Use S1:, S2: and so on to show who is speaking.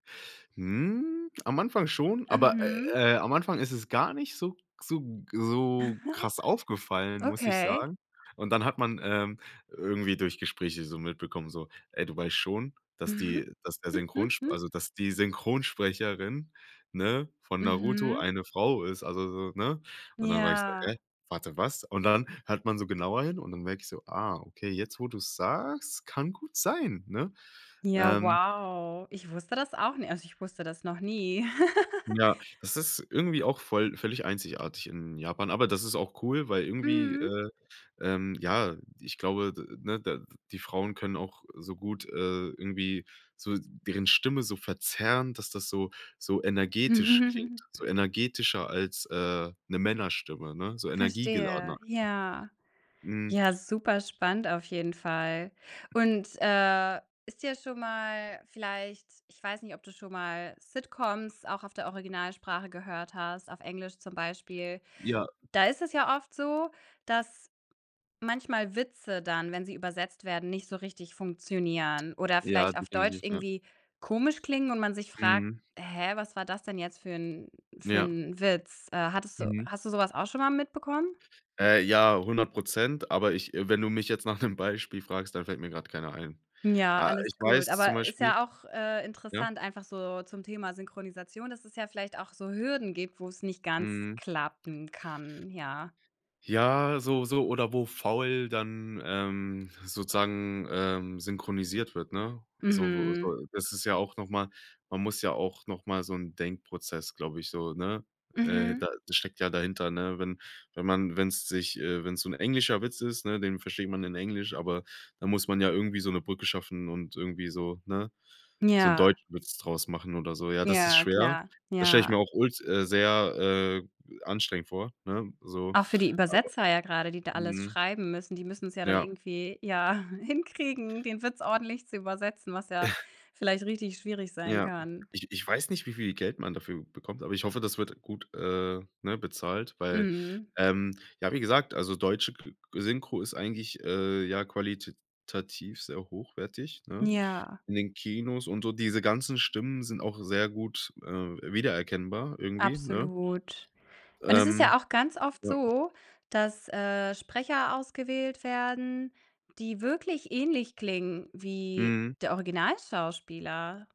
S1: Hm, am Anfang schon, aber,
S2: Mhm.
S1: äh, äh, am Anfang ist es gar nicht so so so krass aufgefallen, muss ich
S2: Okay.
S1: sagen, und dann hat man, ähm, irgendwie durch Gespräche so mitbekommen, so: „Ey, du weißt schon, dass die dass der Synchronsp also, dass die Synchronsprecherin, ne, von Naruto
S2: Mhm.
S1: eine Frau ist”, also so, ne? Und dann war ich so: „Hä,
S2: Ja.
S1: warte, was?“ und dann hört man so genauer hin und dann merke ich so: „Ah, okay, jetzt, wo du's sagst, kann gut sein“, ne?
S2: Ja,
S1: Ähm.
S2: wow. Ich wusste das auch nicht also, ich wusste das noch nie.
S1: Ja, das ist irgendwie auch voll völlig einzigartig in Japan, aber das ist auch cool, weil irgendwie,
S2: Mhm.
S1: äh, ähm, ja, ich glaube, de ne, de die Frauen können auch so gut, äh, irgendwie so deren Stimme so verzerren, dass das so so energetisch klingt so energetischer als, äh, 'ne Männerstimme, ne, so energiegeladener
S2: Verstehe.
S1: einfach.
S2: Ja.
S1: Hm.
S2: Ja, super spannend auf jeden Fall und, äh, ist dir schon mal vielleicht ich weiß nicht, ob du schon mal Sitcoms auch auf der Originalsprache gehört hast, auf Englisch zum Beispiel.
S1: Ja.
S2: Da ist es ja oft so, dass manchmal Witze dann, wenn sie übersetzt werden, nicht so richtig funktionieren oder
S1: Ja,
S2: vielleicht auf Deutsch
S1: definitiv, ja.
S2: irgendwie komisch klingen und man sich fragt:
S1: Mhm.
S2: „Hä, was war das denn jetzt für 'n für
S1: Ja.
S2: 'n Witz?“ Äh, hattest du
S1: Mhm.
S2: hast du so was auch schon mal mitbekommen?
S1: Äh, ja, 100 %, aber ich äh, wenn du mich jetzt nach 'nem Beispiel fragst, dann fällt mir grad keiner ein.
S2: Ja,
S1: Äh, ich
S2: alles gut,
S1: weiß zum
S2: aber ist
S1: Beispiel
S2: ja auch, äh,
S1: ja?
S2: interessant, einfach so zum Thema Synchronisation, dass es ja vielleicht auch so Hürden gibt, wo's nicht ganz
S1: Mhm.
S2: klappen kann. Ja.
S1: Ja, so so oder wo faul dann, ähm, sozusagen, ähm, synchronisiert wird, ne? So
S2: Mhm.
S1: so das ist ja auch noch mal man muss ja auch noch mal so 'n Denkprozess, glaube ich, so, ne äh,
S2: Mhm.
S1: da da steckt ja dahinter, ne, wenn wenn man wenn's sich äh, wenn's so 'n englischer Witz ist, ne, den versteht man in Englisch, aber dann muss man ja irgendwie so 'ne Brücke schaffen und irgendwie so, ne so 'n
S2: Ja.
S1: deutschen Witz draus machen oder so. Ja, das ist
S2: Ja,
S1: schwer.
S2: klar.
S1: Das stelle ich mir
S2: Ja.
S1: auch ult äh, sehr, äh, anstrengend vor, ne, so.
S2: Auch für die
S1: Aber
S2: Übersetzer ja grade, die da alles
S1: mhm.
S2: schreiben müssen. Die müssen's ja dann
S1: Ja.
S2: irgendwie, ja, hinkriegen, den Witz ordentlich zu übersetzen, was ja vielleicht richtig schwierig sein
S1: Ja.
S2: kann.
S1: Ich ich weiß nicht, wie viel Geld man dafür bekommt, aber ich hoffe, das wird gut, äh, ne, bezahlt, weil,
S2: Mhm.
S1: ähm, ja, wie gesagt, also deutsche ge Synchro ist eigentlich, äh ja, qualitativ sehr hochwertig, ne,
S2: Ja.
S1: in den Kinos und so diese ganzen Stimmen sind auch sehr gut, äh, wiedererkennbar irgendwie, ne?
S2: Absolut, und es ist
S1: Ähm,
S2: ja auch ganz oft
S1: ja.
S2: so, dass, äh, Sprecher ausgewählt werden, die wirklich ähnlich klingen wie
S1: Mhm.
S2: der Originalschauspieler.